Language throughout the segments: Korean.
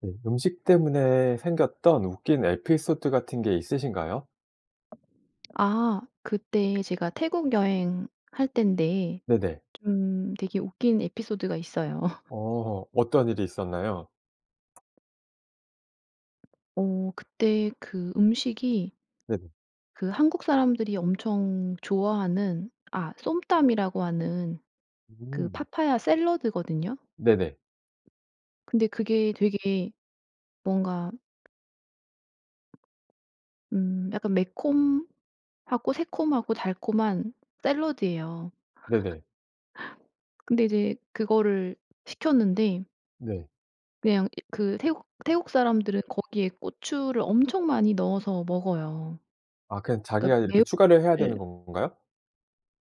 네. 음식 때문에 생겼던 웃긴 에피소드 같은 게 있으신가요? 아 그때 제가 태국 여행 할땐데 네네. 좀 되게 웃긴 에피소드가 있어요. 어. 어떤 일이 있었나요? 어 그때 그 음식이 네네. 그 한국 사람들이 엄청 좋아하는 아 쏨땀이라고 하는 그 음. 파파야 샐러드거든요. 네네. 근데 그게 되게 뭔가 음 약간 매콤하고 새콤하고 달콤한 샐러드예요. 네네. 근데 이제 그거를 시켰는데 네. 그냥 이 그 태국 태국 사람들은 거기에 고추를 엄청 많이 넣어서 먹어요. 아 그냥 자기가 그러니깐 이렇게 추가를 해야 되는 매운맛을 건가요?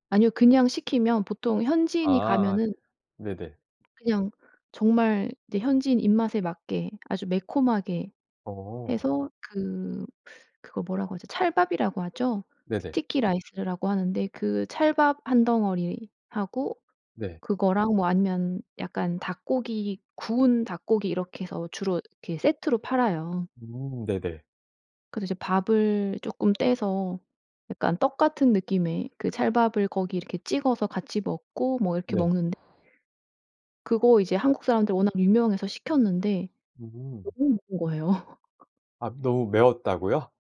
아니요. 그냥 시키면 보통 현지인이 아아. 가면은 네네. 그냥 정말 이제 현지인 입맛에 맞게 아주 매콤하게 어. 해서 그 그거 뭐라고 하죠? 찰밥이라고 하죠? 네네. 스티키 라이스라고 하는데 그 찰밥 1 덩어리하고 네. 그거랑 뭐 아니면 약간 닭고기 구운 닭고기 이렇게 해서 주로 이렇게 세트로 팔아요. 음. 네네. 그래서 이제 밥을 쪼끔 떼서 약간 떡 같은 느낌의 그 찰밥을 거기 이렇게 찍어서 같이 먹고 뭐 이렇게 네. 먹는 그거 이제 한국 사람들 워낙 유명해서 시켰는데 음. 너무 매운 거예요. 아 너무 매웠다고요?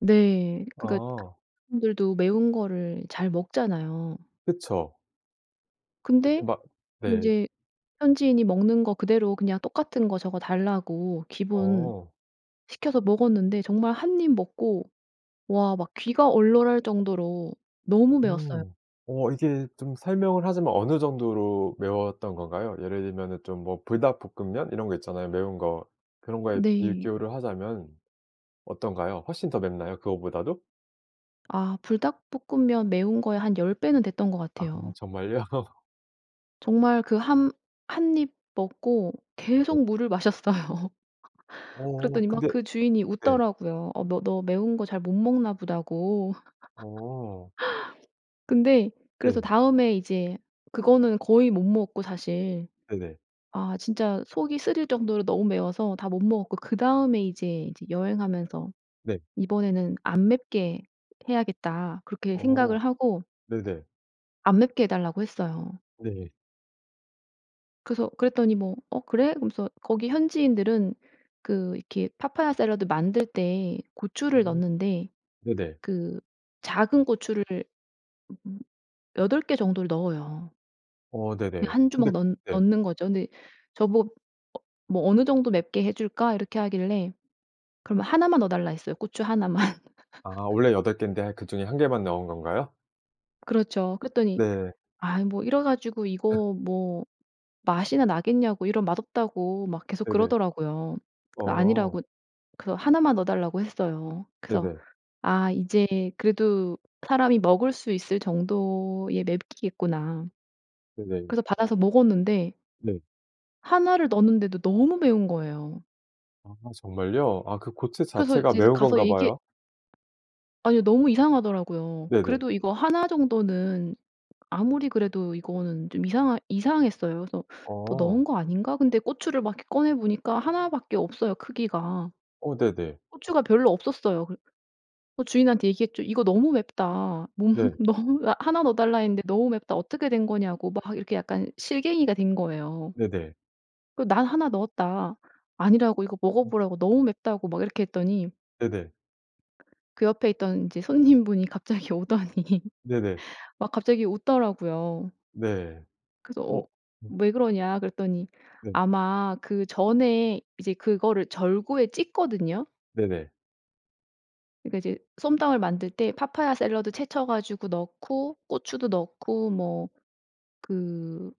네. 그러니까 아. 한국 사람들도 매운 거를 잘 먹잖아요. 그쵸. 이렇게 근데 막 네. 인제 현지인이 먹는 거 그대로 그냥 "똑같은 거 저거 달라."고 기본 어. 시켜서 먹었는데 정말 1 입 먹고 와 막 귀가 얼얼할 정도로 너무 매웠어요. 음. 어 이게 좀 설명을 하자면 어느 정도로 매웠던 건가요? 예를 들면은 좀 뭐 불닭볶음면 이런 거 있잖아요 매운 거. 그런 거에 네. 비교를 하자면 어떤가요? 훨씬 더 맵나요 그거보다도? 아 불닭볶음면 매운 거의 한 10 배는 됐던 것 아 같아요. 정말요? 정말 그 함 1 입 먹고 네. 계속 물을 마셨어요. 어 그랬더니 막 근데 그 주인이 네. 웃더라고요. 어 뭐 "너 너 매운 거 잘 못 먹나 보다."고. 어. 근데 그래서 네. 다음에 이제 그거는 거의 못 먹었고 사실. 네네. 아 진짜 속이 쓰릴 정도로 너무 매워서 다 못 먹었고 그다음에 이제 이제 여행하면서 네. 이번에는 '안 맵게 해야겠다.' 그렇게 생각을 어. 하고 네네. 안 맵게 해달라고 했어요. 네. 그래서 그랬더니 뭐 "어 그래?" 그러면서 거기 현지인들은 그 이렇게 파파야 샐러드 만들 때 고추를 어 넣는데 네네. 그 작은 고추를 음 8 개 정도를 넣어요. 어 그냥 네네. 1 근데 주먹 넣 네. 넣는거죠. 근데 저보 뭐 "어느정도 맵게 해줄까?" 이렇게 하길래 그러면 1 만 넣어달라 했어요 고추 1 만. 아 원래 8 개인데 그 중에 1 개만 넣은 건가요? 그렇죠. 그랬더니 네. 아이 뭐 이래가지고 이거 뭐 맛이나 나겠냐고 이럼 맛없다고 막 계속 네네. 그러더라고요. 그 어. 아니라고 그거 1 만 넣어달라고 했어요. 그래서 네네. '아 이제 그래도 사람이 먹을 수 있을 정도의 맵기겠구나.' 네네. 그래서 어. 받아서 먹었는데 네. 1 를 넣었는데도 너무 매운 거예요. 아 정말요? 아 그 고추 그래서 자체가 이제 매운 가서 건가 얘기 봐요? 아니요, 너무 이상하더라고요. 네네. 그래도 이거 1 정도는 아무리 그래도 이거는 좀 이상하 이상했어요. 그래서 '더 넣은 어. 거 아닌가?' 근데 고추를 막 이렇게 꺼내 보니까 1 밖에 없어요 크기가. 어 네네. 고추가 별로 없었어요. 그래 어 주인한테 얘기했죠. "이거 너무 맵다. 모 네. 너무 1 넣어달라 했는데 너무 맵다. 어떻게 된 거냐."고 막 이렇게 약간 실갱이가 된 거예요. 네네. 그 "난 1 넣었다." 아니라고 이거 먹어 음. 보라고 너무 맵다고 막 이렇게 했더니 네네. 그 옆에 있던 이제 손님분이 갑자기 오더니 네네. 막 갑자기 웃더라고요. 네. 그래서 어 어. 음. "왜 그러냐." 그랬더니 네. 아마 그 전에 이제 그거를 절구에 찧거든요. 네네. 그러니까 이제 쏨땀을 만들 때 파파야 샐러드 채쳐 가지고 넣고 고추도 넣고 뭐 그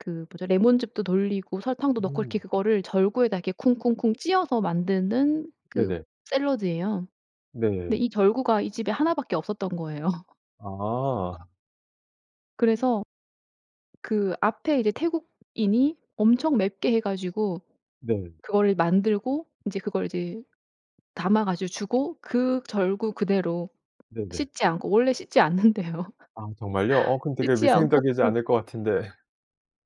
그 뭐죠? 레몬즙도 돌리고 설탕도 넣고 이렇게 음. 그거를 절구에다 이렇게 쿵쿵쿵 찧어서 만드는 그 네네. 샐러드예요. 근데 네. 이 절구가 이 집에 1 밖에 없었던 거예요. 아. 그래서 그 앞에 이제 태국인이 엄청 맵게 해 가지고 네. 그거를 만들고 인제 그걸 이제 담아 가지고 주고 그 절구 그대로 네네. 씻지 않고 원래 씻지 않는대요. 아 정말요? 어 그 되게 씻지 않고 위생적이지 않을 것 같은데.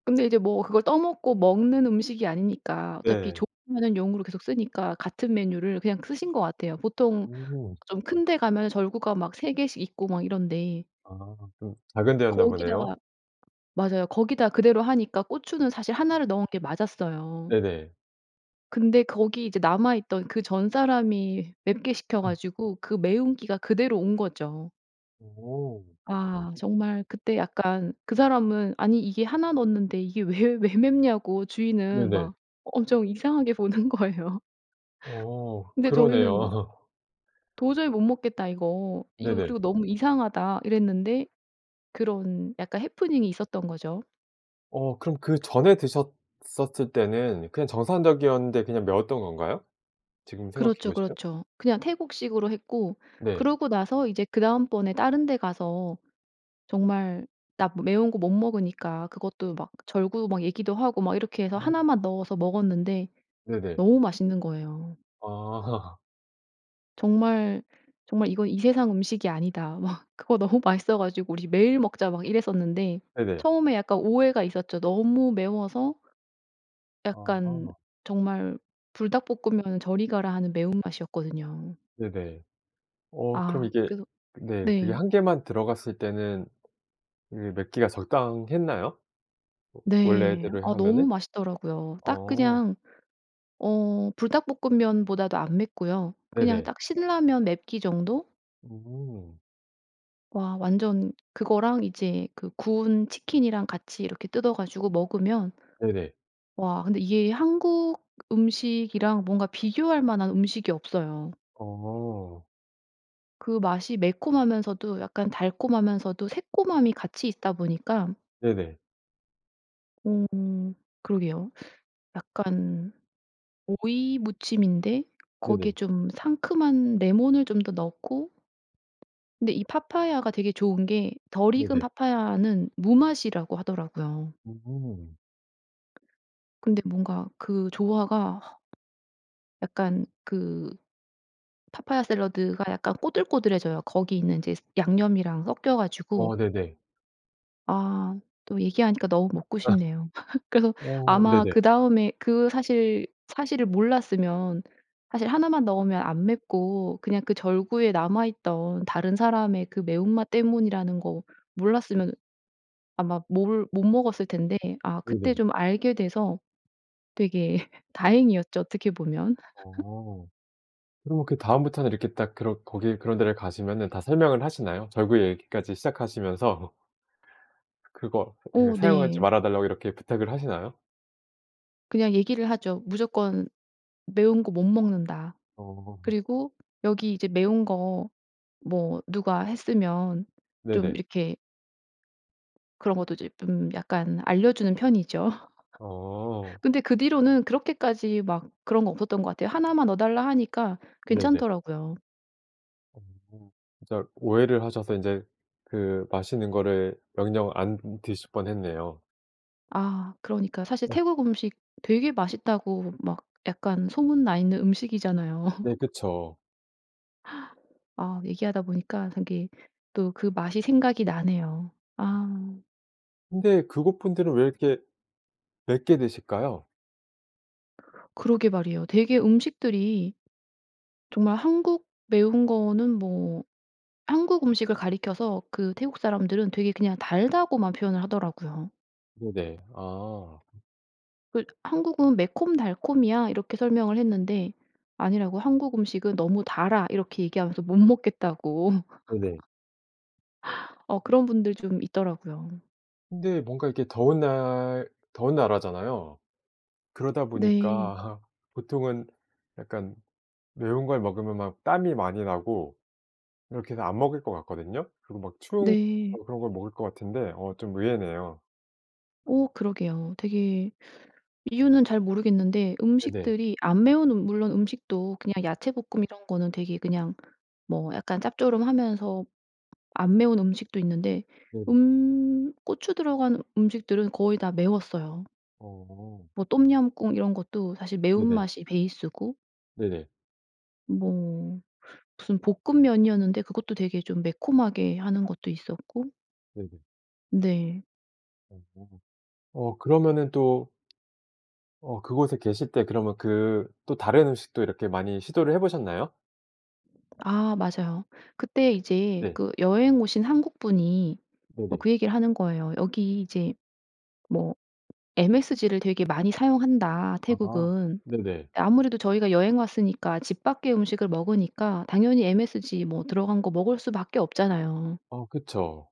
근데 이제 뭐 그걸 떠먹고 먹는 음식이 아니니까 어차피 네. 조리하는 용으로 계속 쓰니까 같은 메뉴를 그냥 쓰신 것 같아요. 보통 음. 좀 큰 데 가면 절구가 막 3 개씩 있고 막 이런데 아 좀 작은 데였나 보네요. 거기다가 맞아요. 거기다 그대로 하니까 고추는 사실 1 를 넣은 게 맞았어요. 네네. 근데 거기 이제 남아있던 그 전사람이 맵게 시켜 음. 가지고 그 매운 기가 그대로 온 거죠. 오. 아 정말 그때 약간 그 사람은 "아니 이게 1 넣는데 이게 왜 왜 맵냐?"고 주인은 네네. 막 엄청 이상하게 보는 거예요. 어. 근데 저희는 막 그러네요. "도저히 못 먹겠다 이거. 이거 네네. 그리고 너무 이상하다." 이랬는데 그런 약간 해프닝이 있었던 거죠. 어 그럼 그전에 드셨었을 때는 그냥 정상적이었는데 그냥 매웠던 건가요? 지금 생각해 그렇죠, 보시면? 그렇죠. 그냥 태국식으로 했고 네. 그러고 나서 이제 그다음번에 다른 데 가서 정말 나 므 매운 거 못 먹으니까 그것도 막 절구 막 얘기도 하고 막 이렇게 해서 음. 1 만 넣어서 먹었는데 네네. 너무 맛있는 거예요. 아. 정말, 정말 "이건 이 세상 음식이 아니다." 막 그거 너무 맛있어 가지고 "우리 매일 먹자." 막 이랬었는데 네네. 처음에 약간 오해가 있었죠. 너무 매워서 약간 아하. 정말 불닭볶으면은 저리 가라 하는 매운맛이었거든요. 네네. 어 그럼 아 이게 그래서 그 네. 그게 네. 1 개만 들어갔을 때는 이미 맵기가 적당했나요? 워 네. 원래대로 아 너무 하면은? 맛있더라고요. 딱 어. 그냥 어 불닭볶음면보다도 안 맵고요. 그냥 네네. 딱 신라면 맵기 정도? 음. 와 완전 그거랑 이제 그 구운 치킨이랑 같이 이렇게 뜯어 가지고 먹으면 네네. 와 근데 이게 한국 음식이랑 뭔가 비교할 만한 음식이 없어요. 어. 그 맛이 매콤하면서도 약간 달콤하면서도 새콤함이 같이 있다 보니까 네네. 어. 그러게요. 약간 오이무침인데 거기에 네네. 좀 상큼한 레몬을 좀 더 넣고 근데 이 파파야가 되게 좋은 게 덜 익은 네네. 파파야는 무맛이라고 하더라고요. 음. 근데 뭔가 그 조화가 약간 그 파파야 샐러드가 약간 꼬들꼬들해져요. 거기 있는 인제 스 양념이랑 섞여 가지고. 어 네네. 아 또 얘기하니까 너무 먹고 싶네요. 그래서 어 아마 네네. 그다음에 그 사실 사실을 몰랐으면 사실 1 만 넣으면 안 맵고 그냥 그 절구에 남아 있던 다른 사람의 그 매운맛 때문이라는 거 몰랐으면 아마 몰 못 먹었을 텐데 아 그때 네네. 좀 알게 돼서 되게 다행이었죠 어떻게 보면. 어. 그러면 그 다음부터는 이렇게 딱 그런 거기 그런 데를 가시면은 다 설명을 하시나요? 절구 얘기까지 시작하시면서. 그거 그 어 사용하지 네. 말아 달라고 이렇게 부탁을 하시나요? 그냥 얘기를 하죠. 무조건 "매운 거 못 먹는다." 어. 그리고 여기 이제 매운 거 뭐 누가 했으면 좀 네네. 이렇게 그런 것도 이제 좀 약간 알려주는 편이죠. 어. 근데 그 뒤로는 그렇게까지 막 그런 거 없었던 것 같아요. 1 만 넣어달라 하니까 네네. 괜찮더라고요. 어 진짜 오해를 하셔서 인제 그 맛있는 거를 영영 안 으 드실 뻔 했네요. 아 그러니까 사실 아. 태국 음식 되게 맛있다고 막 약간 소문나 있는 음식이잖아요. 네. 그쵸. 아 얘기하다 보니까 저기 또 그 맛이 생각이 나네요. 음. 아. 근데 그 곳 분들은 왜 이렇게 맵게 드실까요? 그러게 말이에요. 되게 음식들이 정말 한국 매운 거는 뭐 한국 음식을 가리켜서 그 태국 사람들은 되게 그냥 달다고만 표현을 하더라고요. 네네. 아. 음. 그 "한국은 매콤달콤이야." 이렇게 설명을 했는데, 아니라고 "한국 음식은 너무 달아." 이렇게 얘기하면서 못 먹겠다고 네네. 어 음. 그런 분들 좀 있더라고요. 근데 뭔가 이렇게 더운 날 더운 나라잖아요. 그러다 네. 보니까 보통은 약간 매운 걸 먹으면 막 땀이 많이 나고 이렇게 해서 안 먹을 것 같거든요. 그리고 막 추운 네. 거 그런 걸 먹을 것 같은데 어 좀 의외네요. 어 그러게요. 되게 이유는 잘 모르겠는데 네네. 음식들이 안 매운 음 물론 음식도 그냥 야채볶음 이런 거는 되게 그냥 뭐 약간 짭조름하면서 안 매운 음식도 있는데, 네네. 음 고추 들어간 음식들은 거의 다 매웠어요. 어. 뭐 똠얌꿍 이런 것도 사실 네네. 매운맛이 베이스고 네네. 뭐 무슨 볶음면이었는데 그것도 되게 좀 매콤하게 하는 것도 있었고 네네. 네. 어. 어 그러면은 또 어 그곳에 계실 때 그러면 그 또 다른 음식도 이렇게 많이 시도를 해보셨나요? 아 맞아요. 그때 이제 네. 그 여행 오신 한국분이 뭐 네네. 그 얘기를 하는 거예요. 여기 이제 뭐 msg를 되게 많이 사용한다 아. 태국은. 네네. 아무래도 저희가 여행 왔으니까 집 밖의 음식을 먹으니까 당연히 msg 뭐 들어간 거 먹을 수밖에 없잖아요. 어 그쵸.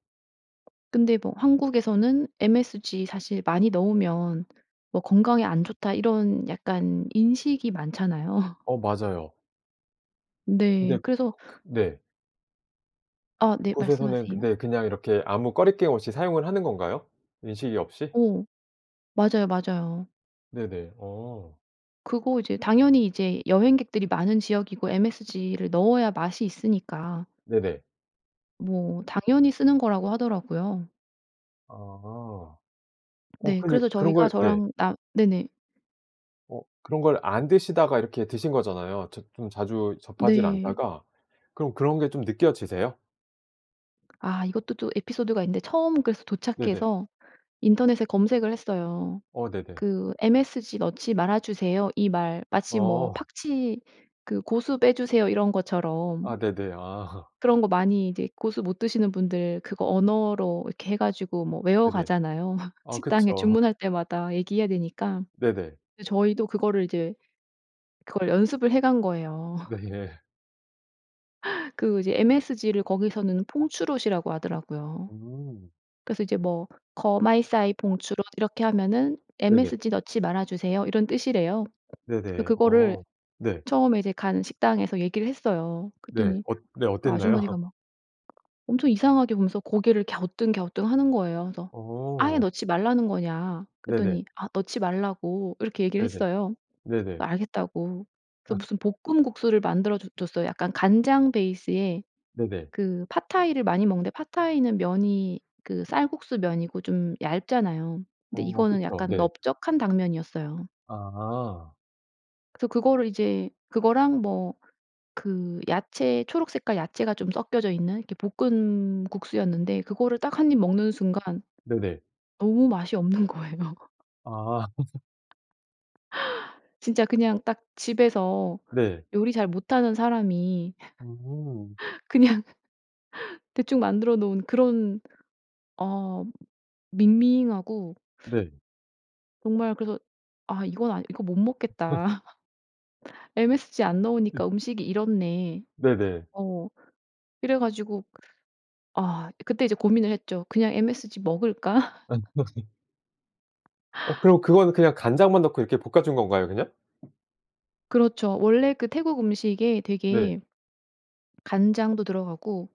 근데 뭐 한국에서는 'MSG 사실 많이 넣으면 뭐 건강에 안 좋다.' 이런 약간 인식이 많잖아요. 어 맞아요. 근데 네. 그 그래서 그 그 네. 어 네. 그곳에서는 말씀하세요. 근데 그냥 이렇게 아무 거리낌 없이 사용을 하는 건가요, 인식이 없이? 어. 맞아요, 맞아요. 네네 어. 그거 이제 당연히 이제 여행객들이 많은 지역이고 MSG를 넣어야 맛이 있으니까 네네. 뭐 당연히 쓰는 거라고 하더라고요. 아 어 네. 근데 그래서 그런 저희가 걸 네. 저랑 나 네네. 어 그런 걸 안 드시다가 이렇게 드신 거잖아요. 저 좀 자주 접하지를 네. 않다가 그럼 그런 게 좀 느껴지세요? 아 이것도 또 에피소드가 있는데 처음 그래서 네네. 도착해서 인터넷에 검색을 했어요. 어 네네. 그 "MSG 넣지 말아 주세요." 이 말 마치 뭐 어. 팍치 그 "고수 빼주세요." 이런 것처럼. 아 네네 아. 그런 거 많이 이제 고수 못 드시는 분들 그거 언어로 이렇게 해 가지고 뭐 네네 외워가잖아요. 어 그쵸. 식당에 주문할 때마다 얘기해야 되니까. 네네. 근데 저희도 그거를 이제 그걸 연습을 해간 거예요. 네. 그 이제 MSG를 거기서는 퐁추롯 이라고 하더라고요. 음. 그래서 이제 뭐 "거마이사이 퐁추롯." 이렇게 하면은 네네. "MSG 넣지 말아 주세요." 이런 뜻이래요. 네네. 그거를 어 네. 처음에 이제 간 식당에서 얘기를 했어요. 네. 그랬더니 어 네 그 어땠나요? 아주머니가 막 엄청 이상하게 보면서 고개를 갸우뚱 갸우뚱하는 거예요. 그래서 "아예 어. 넣지 말라는 거냐." 네네. 그랬더니 "아 넣지 말라고." 이렇게 얘기를 네네. 했어요. 네네. 알겠다고. 그 아. 무슨 볶음 국수를 만들어 줘 줬어요. 약간 간장 베이스에 네네. 그 팟타이를 많이 먹는데 팟타이는 면이 그 쌀국수 면이고 좀 얇잖아요. 근데 어 이거는 그쵸. 약간 네. 넓적한 당면이었어요. 아. 그래서 그거를 이제 그거랑 뭐 그 야채 초록 색깔 야채가 좀 섞여져 있는 이렇게 볶은 국수였는데 그거를 딱 1 입 먹는 순간 네네. 너무 맛이 없는 거예요. 아. 진짜 그냥 딱 집에서 네. 요리 잘 못하는 사람이 음. 그냥 대충 만들어 놓은 그런 어 밍밍하고 네. 정말 그래서 아 이건 아 '이거 못 먹겠다.' 'MSG 안 넣으니까 음식이 이렇네.' 네네. 어 이래가지고 아 그때 이제 고민을 했죠. 그냥 MSG 먹을까? 어, 그럼 그거는 그냥 간장만 넣고 이렇게 볶아 준 건가요 그냥? 그렇죠. 원래 그 태국 음식에 네. 되게 간장도 들어가고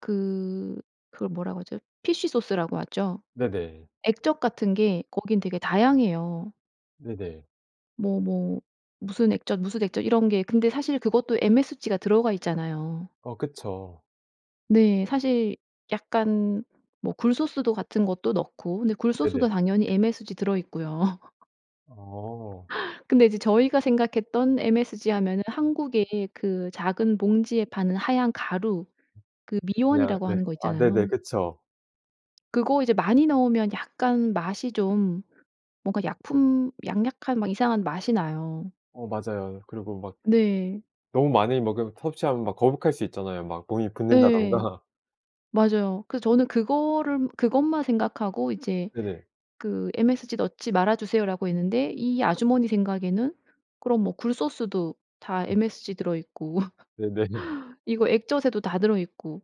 그, 그걸 뭐라고 하죠? 피쉬소스라고 하죠. 네네. 액젓 같은 게 거기는 되게 다양해요. 네네. 뭐, 뭐, 무슨 액젓 무슨 액젓 이런 게 근데 사실 그것도 MSG가 들어가 있잖아요. 어 그쵸. 네. 사실 약간 뭐 굴소스도 같은 것도 넣고. 근데 네네. 굴소스도 당연히 MSG 들어 있고요. 어. 근데 이제 저희가 생각했던 MSG 하면은 한국의 그 작은 봉지에 파는 하얀 가루, 그 그냥 미원이라고 네. 하는 거 아, 네네. 있잖아요. 그쵸. 그거 이제 많이 넣으면 약간 맛이 좀 뭔가 약품, 약약한 막 이상한 맛이 나요. 어, 맞아요. 그리고 막 [unintelligible] 네. 너무 많이 먹으 섭취하면 막 거북할 수 있잖아요 막 몸이 예. 붓는다든가. 맞아요. 그래서 저는 그거를 그것만 생각하고 이제 네네. 그 "MSG 넣지 말아주세요."라고 했는데 이 아주머니 생각에는 '그럼 뭐 굴소스도 다 어. MSG 들어 있고 네네네. 이거 액젓에도 다 들어 있고,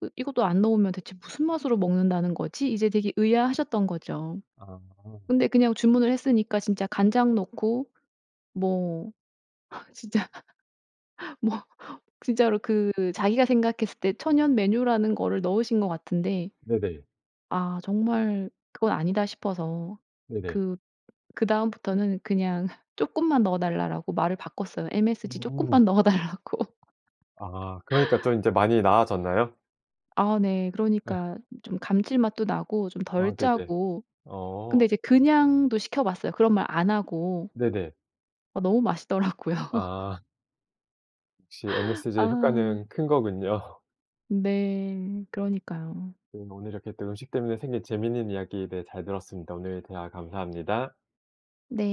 그 이것도 안 넣으면 대체 무슨 맛으로 먹는다는 거지?' 이제 되게 의아하셨던 거죠. 아. 근데 그냥 주문을 했으니까 진짜 간장 넣고 뭐 진짜 뭐 진짜로 그 자기가 생각했을 때 천연 메뉴라는 거를 넣으신 것 같은데, 네네. 아 정말 그건 아니다 싶어서 네네. 그, 그다음부터는 그냥 조금만 넣어 달라라고 말을 바꿨어요. MSG 음. 조금만 넣어 달라고. 아. 그러니까 좀 이제 많이 나아졌나요? 아 네. 예. 그러니까 좀 감칠맛도 나고 좀 덜 아, 네네. 짜고. 어. 근데 이제 그냥도 시켜 봤어요. 그런 말 안 하고. 네네. 아, 너무 맛있더라고요. 아. 역시 MSG의 아. 효과는 큰 거군요. 네, 그러니까요. 네, 오늘 이렇게 또 음식 때문에 생긴 재미있는 이야기에 대해 잘 들었습니다. 오늘 대화 감사합니다. 네.